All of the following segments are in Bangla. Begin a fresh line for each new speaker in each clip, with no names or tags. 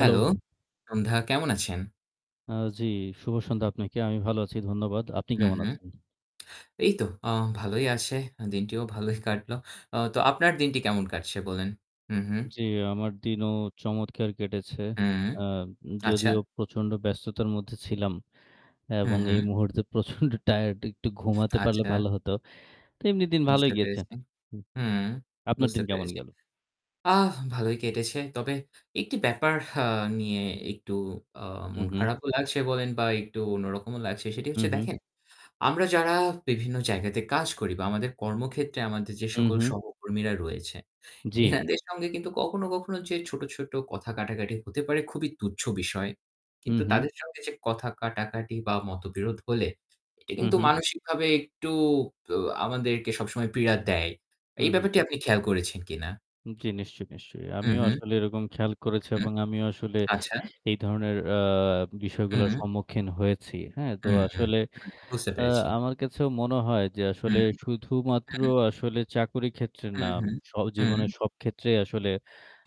Hello, সন্ধ্যা কেমন আছেন?
আ জি। শুভ সন্ধ্যা আপনাকে। আমি ভালো আছি। ধন্যবাদ। আপনি
হু,
কেমন
হু।
আছেন?।
এই তো আ ভালোই আছে। দিনটিও ভালোই কাটলো। তো আপনার দিনটি কেমন কাটছে বললেন। হু, হু।
জি। আমার দিনও চমৎকার কেটেছে।
হু।
আ উম
আচ্ছা।
যদিও প্রচণ্ড ব্যস্ততার মধ্যে ছিলাম।
হু,
এবং এই
হু।
মুহূর্তে প্রচন্ড টায়ারড একটু ঘুমাতে পারলে
আচ্ছা।
ভালো হতো। তো এমনি দিন ভালোই
বুঝতে
গিয়েছে।
পেরেছি।
হুম, জি,
হুম
আপনার
বুঝতে
দিন কেমন
পেরেছি।
গেল?
আ ভালোই কেটেছে। তবে একটি ব্যাপার আ নিয়ে একটু আ মন
উহু।
খারাপও লাগছে বলেন বা একটু অন্যরকমও লাগছে। সেটি হচ্ছে
উহু।
দেখেন আমরা যারা বিভিন্ন জায়গাতে কাজ করি বা আমাদের কর্মক্ষেত্রে আমাদের যে সকল
উহু।
সহকর্মীরা রয়েছে।
জি।
এনাদের সঙ্গে কিন্তু কখনো, কখনো যে ছোট, ছোট কথা কাটাকাটি হতে পারে খুবই তুচ্ছ বিষয়।
হু,
কিন্তু
হু।
তাদের সঙ্গে যে কথা কাটাকাটি বা মতবিরোধ হলে এটা
হু,
কিন্তু
হু।
মানসিকভাবে একটু ব আমাদেরকে সবসময় পীড়া দেয়।
হু,
এই
হু।
ব্যাপারটি আপনি খেয়াল করেছেন কিনা?
জি নিশ্চয়ই, নিশ্চয়ই।
হু,
আমিও
হু।
আসলে এরকম খেয়াল করেছি
হু।
এবং আমিও আসলে
আচ্ছা।
এই ধরনের আ বিষয়গুলোর
হুম।
সম্মুখীন হয়েছি। হ্যাঁ তো
হু, হু, হু।
আসলে
বুঝতে
আ
পেরেছি।
আমার কাছেও মনে হয় যে আসলে
হুম,
শুধুমাত্র
হুম।
আসলে চাকরির ক্ষেত্রে
হু,
নাম
হু,
স জীবনের
হু।
সব ক্ষেত্রেই আসলে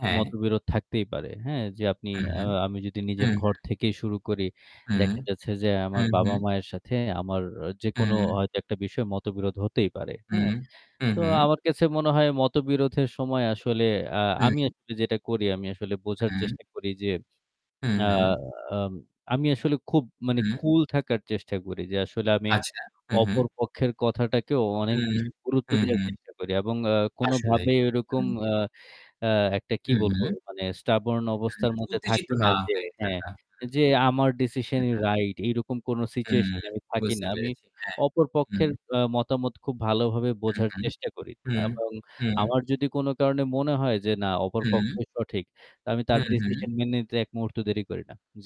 হ্যাঁ।
মতবিরোধ থাকতেই পারে। হ্যাঁ, যে আপনি
হুম,
আ
হু,
আমি যদি
হু।
নিজের ঘর থেকেই শুরু করি
হুম,
দেখা যাচ্ছে যে
হু,
আমার
হু।
বাবা-মায়ের সাথে আমার যেকোনো
হু।
হয়তো একটা বিষয়ে মতবিরোধ হতেই পারে।
হু,
হ্যাঁ,
হু,
তো
হু।
আমার কাছে মনে হয় মতবিরোধের সময় আসলে আ আমি
হু।
আসলে যেটা করি আমি আসলে বোঝার
হুম।
চেষ্টা করি যে
হু,
আ
হু।
আম আমি আসলে খুব মানে
হুম।
কুল থাকার চেষ্টা করি। যে আসলে আমি
আচ্ছা। হু, হু।
অপর পক্ষের কথাটাকেও
হু,
অনেক বেশি গুরুত্ব
হু,
দেওয়ার
হু।
চেষ্টা করি এবং আ
আসলে।
কোনভাবেই ঐরকম
হু।
আ আ একটা কি
হু,
বলবো
হু।
মানে stubborn
হু,
অবস্থার
হু।
মধ্যে
উত্তেজিত
থাকি না
না
যে
হয়ে
হ্যাঁ,
থাকা। হু।
যে আমার decision-ই
[unintelligible]
right এরকম কোন
হুম
situation এ আমি থাকি
বুঝতে
না। আমি
পেরেছি। হ্যাঁ,
অপর
হুম।
পক্ষের অ মতামত খুব ভালো ভাবে
হু,
বোঝার
হু,
চেষ্টা করি।
হু,
এবং
হু।
আমার যদি কোন কারণে মনে হয় যে না অপর
হুম।
পক্ষই সঠিক আমি তার
হুম, হুম।
decision মেনে নিতে এক মুহূর্ত দেরি করি না। জি।